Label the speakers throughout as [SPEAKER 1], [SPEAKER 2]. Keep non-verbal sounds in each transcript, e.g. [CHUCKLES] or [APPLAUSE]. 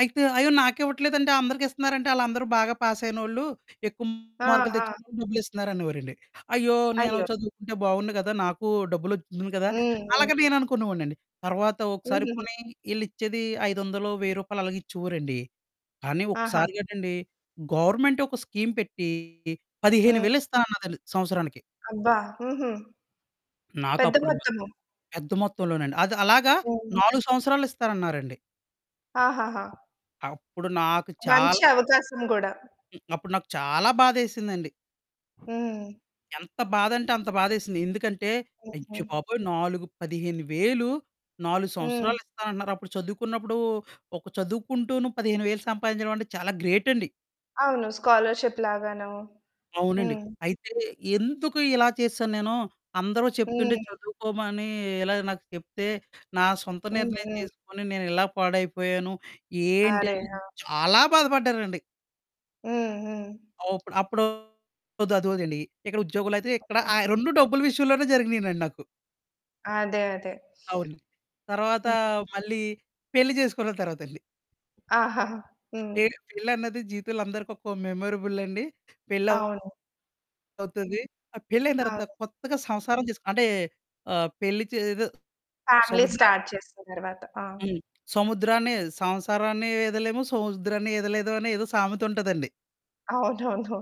[SPEAKER 1] అయితే, అయ్యో! నాకివ్వట్లేదంటే, అందరికిస్తన్నారంటే, ఆళ్ళందరూ బాగా పాసయినోళ్ళు, ఎక్కువ
[SPEAKER 2] ఆ!
[SPEAKER 1] మార్కులు
[SPEAKER 2] ఆ!
[SPEAKER 1] తెచ్చుకున్నోళ్ళకి డబ్బులిస్తన్నారనేవోరండి. అయ్యో! నేను
[SPEAKER 2] అయ్యో!
[SPEAKER 1] చదువుకుంటే బావున్ను గదా! నాకూ డబ్బులొచ్చెద్దును కదా!
[SPEAKER 2] హ్మ్. హ్మ్.
[SPEAKER 1] అలగ నేననుకునేవోడినండి. తర్వాత ఒకసారి
[SPEAKER 2] హుహుహు.
[SPEAKER 1] పోనీ ఈళ్ళిచ్చేది ఐదొందలో, రూ. 1000 అలాగిచ్చేవోరండి. కానీ
[SPEAKER 2] ఆహా!
[SPEAKER 1] ఒకసారిగటండి, గవర్నమెంట్ ఒక స్కీమ్ పెట్టీ పదిహేను
[SPEAKER 2] హ్మ్.
[SPEAKER 1] వేలు ఇస్తానన్నదండి సంవత్సరానికి.
[SPEAKER 2] అబ్బా! హుహు. పెద్ద
[SPEAKER 1] నాకప్పుడు మ
[SPEAKER 2] మొత్తము.
[SPEAKER 1] పెద్ద మొత్తంలోనండి. అది అలాగా
[SPEAKER 2] హ్మ్.
[SPEAKER 1] 4 సంవత్సరాలు ఇస్తారన్నారండి.
[SPEAKER 2] ఆహహా!
[SPEAKER 1] అప్పుడు నాకు చాల్
[SPEAKER 2] మంచి అవకాశం గూడా.
[SPEAKER 1] హ్మ్. అప్పుడు నాకు చాలా బాధేసిందండి.
[SPEAKER 2] హ్మ్.
[SPEAKER 1] ఎంత బాధంటే అంత బాధేసింది. ఎందుకంటే,
[SPEAKER 2] హుహు.
[SPEAKER 1] అయ్య బాబోయ్! నాలుగు 15,000, 4
[SPEAKER 2] హ్మ్.
[SPEAKER 1] సంవత్సరాలిస్తానంటన్నార? అప్పుడు చదువుకున్నప్పుడూ, ఒక చదువుకుంటూను 15,000 సంపాదించడవంటే చాలా గ్రేటండి.
[SPEAKER 2] అవును. స్కాలర్‌షిప్‌ లాగానో.
[SPEAKER 1] అవునండి.
[SPEAKER 2] హ్మ్.
[SPEAKER 1] అయితే, ఎందుకు ఇలా చేసేశాను నేను? అందరూ చెప్తుంటే
[SPEAKER 2] హ్మ్.
[SPEAKER 1] చదువుకోమనీ ఇలాగ నాకు చెప్తే, నా సొంత
[SPEAKER 2] హ్మ్.
[SPEAKER 1] నిర్ణయం
[SPEAKER 2] హ్మ్.
[SPEAKER 1] తీసుకొని నేనిలా పాడైపోయాను, ఏంటి?
[SPEAKER 2] అరె!
[SPEAKER 1] అని
[SPEAKER 2] ఆ!
[SPEAKER 1] చాలా బాధపడ్డారండి.
[SPEAKER 2] హ్మ్. హ్మ్.
[SPEAKER 1] ఆ! ఉప్పుడు అప్పుడూ ఒద్దు, అది వదిలేయండి. ఇక్కడ ఉద్యోగులయితే ఇక్కడ
[SPEAKER 2] హ్మ్.
[SPEAKER 1] ఆ! రొండూ డబ్బుల విషయంలోనే జరిగినినండి నాకు.
[SPEAKER 2] అదే. అదే.
[SPEAKER 1] అవును. తరవాతా
[SPEAKER 2] హ్మ్.
[SPEAKER 1] మళ్ళీ పెళ్లి జేసుకున్న తర్వాతండి.
[SPEAKER 2] ఆహాహా! హ్మ్.
[SPEAKER 1] పే పెళ్ళన్నది జీవితం‌లో అందరికొక్కో మెమరబుల్లండి. పెళ్లవ్
[SPEAKER 2] అవును.
[SPEAKER 1] అవుతది. ఆ పెళ్లయిన తరవాత
[SPEAKER 2] అవును.
[SPEAKER 1] కొత్తగా సంసారం చేస్ అంటే, ఆహ్, పెళ్లి చే ఏదో
[SPEAKER 2] ఫ్యామిలీ
[SPEAKER 1] సముద్ర
[SPEAKER 2] స్టార్ట్ చేసిన తర్వాత. ఆ!
[SPEAKER 1] హ్మ్. సముద్రాన్ని సంసారాన్ని వీదలేము, సముద్రాన్ని ఈదలేదు అనే ఏదో సామెతుంటదండి.
[SPEAKER 2] అవునవును.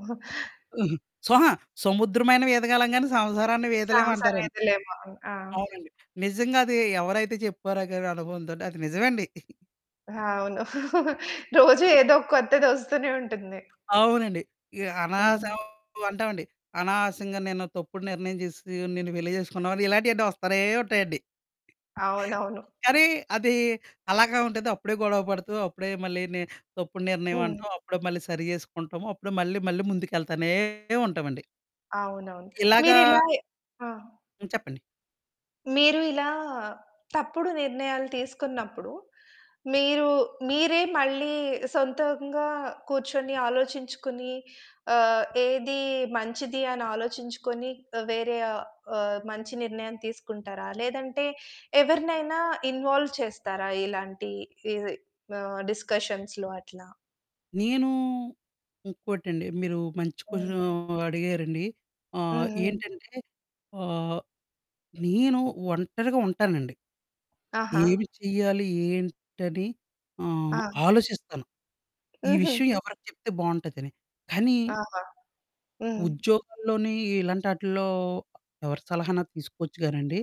[SPEAKER 1] అహా! స్వహా సముద్రమైన వీదగలం గానీ, సంసారాన్ని
[SPEAKER 2] ఛాన్స్
[SPEAKER 1] వీదలేవంటారండి.
[SPEAKER 2] అనేది లేవు అని. ఆ!
[SPEAKER 1] అవునండి. నిజంగదీ ఎవరైతే చెప్పారో గానీ అనుభవంతోటి అది నిజవండి. [GIGGLES]
[SPEAKER 2] అవును. [CHUCKLES]
[SPEAKER 1] [CHUCKLES]
[SPEAKER 2] రోజూ ఏదోక కొత్తది ఒస్తూనే ఉంటుంది.
[SPEAKER 1] అవునండి. ఇ
[SPEAKER 2] హ్మ్.
[SPEAKER 1] అనవసరం అంటావండి. అనవసరంగా నేనో తప్పుడు నిర్ణయం జేసేసీ, నిన్ను పెళ్లి చేసుకున్నావని, ఇలాంటియన్నీ వస్తానే ఉంటాయండి.
[SPEAKER 2] అవునవును.
[SPEAKER 1] కానీ, అదీ అలాగా ఉంటంది. అప్పుడే గొడవ పడుతూ, అప్పుడే మళ్ళీని తప్పుడు
[SPEAKER 2] హ్మ్.
[SPEAKER 1] నిర్ణయవంటాం, అప్పుడే మళ్ళీ సరి చేసుకుంటాము. అప్పుడే మళ్ళీ మళ్ళీ ముందుకెళ్తానే ఉంటావండి.
[SPEAKER 2] అవునవును.
[SPEAKER 1] ఇలాగా
[SPEAKER 2] మీరిలాయె ఆ!
[SPEAKER 1] హ్మ్. చెప్పండి.
[SPEAKER 2] మీరు ఇలా తప్పుడు నిర్ణయాలు తీసుకున్నప్పుడు, మీరు మీరే మళ్ళీ సొంతంగా కూర్చొని, ఆలోచించుకుని, ఆహ్, ఏదీ మంచిది అనాలోచించుకొనీ ఆహ్, వేరే ఆహ్, ఆహ్, మంచి నిర్ణయం తీసుకుంటారా లేదంటే ఎవరినైనా ఇన్వాల్వ్ చేస్తారా ఇలాంటీ ఈ మా డిస్కషన్స్‌లో అట్లా?
[SPEAKER 1] నేనూ ఇంకోటండి, మీరూ మంచి
[SPEAKER 2] హ్మ్.
[SPEAKER 1] కొషనూ అడిగారండి. ఆహ్,
[SPEAKER 2] హ్మ్. హ్మ్.
[SPEAKER 1] ఏంటంటే ఆహ్, నేను ఒంటరిగా ఉంటానండి.
[SPEAKER 2] ఆహా!
[SPEAKER 1] ఏమి చెయ్యాలి, ఏంటని ఆహ్,
[SPEAKER 2] ఆ!
[SPEAKER 1] ఆలోచిస్తాను. ఈ
[SPEAKER 2] హుహు.
[SPEAKER 1] విషయం ఎవరికి చెప్తే బావుంటదని. కానీ
[SPEAKER 2] ఆహా! హ్మ్.
[SPEAKER 1] ఉద్యోగంలోనీ ఇలాంటాటిల్లో ఎవరి సలహాన్నా తీసుకోచ్చు గానండి